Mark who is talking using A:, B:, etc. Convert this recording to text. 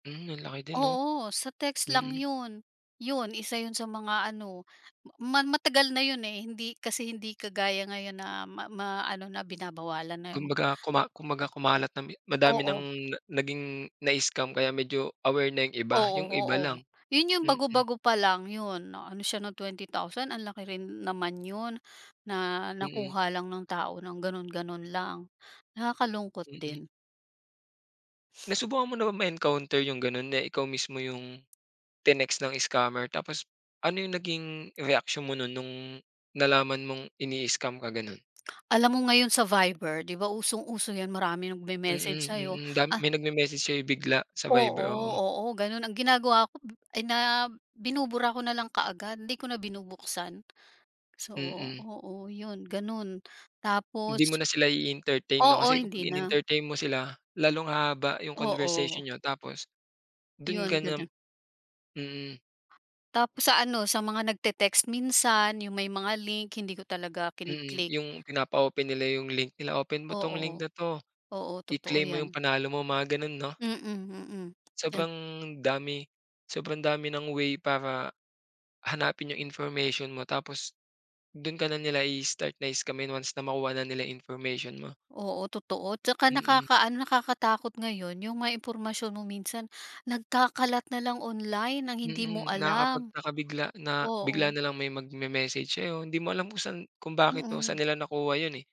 A: Mm, ang laki din 'no?
B: Oo, sa text lang
A: Mm.
B: yun. Yun, isa yun sa mga ano, ma matagal na yun eh, hindi kasi hindi kagaya ngayon na ma maano na binabawalan na yung
A: Kumbaga kuma kumbaga kumalat na mi madami ng
B: Oo.
A: na naging nai-scam kaya medyo aware na yung iba
B: Oo,
A: yung iba
B: oo,
A: lang,
B: yun yung
A: mm.
B: bago-bago pa lang yun, ano siya ng 20,000 ang laki rin naman yun. Na
A: Mm.
B: nakuha lang ng tao ng ganon-ganon lang nakakalungkot
A: Mm.
B: din.
A: Nasubukan mo na bang ma-encounter yung ganon na ikaw mismo yung, tinext ng scammer tapos, ano yung naging reaksyon mo nun nung, nalaman mong ini-scam ka gano'n?
B: Alam mo ngayon sa Viber, di ba usong-uso yan maraming mag-memessage
A: Mm,
B: sayo
A: mm, dam
B: ah
A: may nagme-message sayo bigla sa Viber,
B: Oo,
A: oo.
B: oo ganun ang ginagawa ko ay na binubura ko nalang kaagad hindi ko na binubuksan. So
A: Mm.
B: oo yun, ganun,
A: Hindi mo
B: tapos
A: na sila i-entertain no
B: oo,
A: kasi
B: hindi
A: kapag
B: na.
A: inentertain mo sila, lalong hahaba yung conversation
B: Oo.
A: niyo tapos, dun ka
B: Yun,
A: na
B: ganun.
A: mm.
B: Tapos sa ano, sa mga nagte-text minsan yung may mga link hindi ko talaga kini
A: Mm,
B: click.
A: yung pinapa-open nila yung link nila open mo tong link
B: Oo,
A: na to.
B: oo totoo
A: I-claim mo yung
B: yan.
A: panalo mo mga ganon no?
B: Mm, mm. En
A: Sobrang dami sobrang dami ng way para hanapin yung information mo tapos dun ka na nila i-start na-scamin once na makuha na nila information mo.
B: Oo, totoo 'tsaka
A: Mm.
B: nakaka-ano, nakakatakot ngayon yung mga impormasyon mo minsan nagkakalat nalang online ng hindi mo
A: Mm,
B: alam.
A: nakakapagtaka bigla na bigla
B: Oo.
A: nalang may mag-memessage sayo hindi mo alam kung saan kung bakit o saan
B: Mm.
A: nila nakuha yun eh.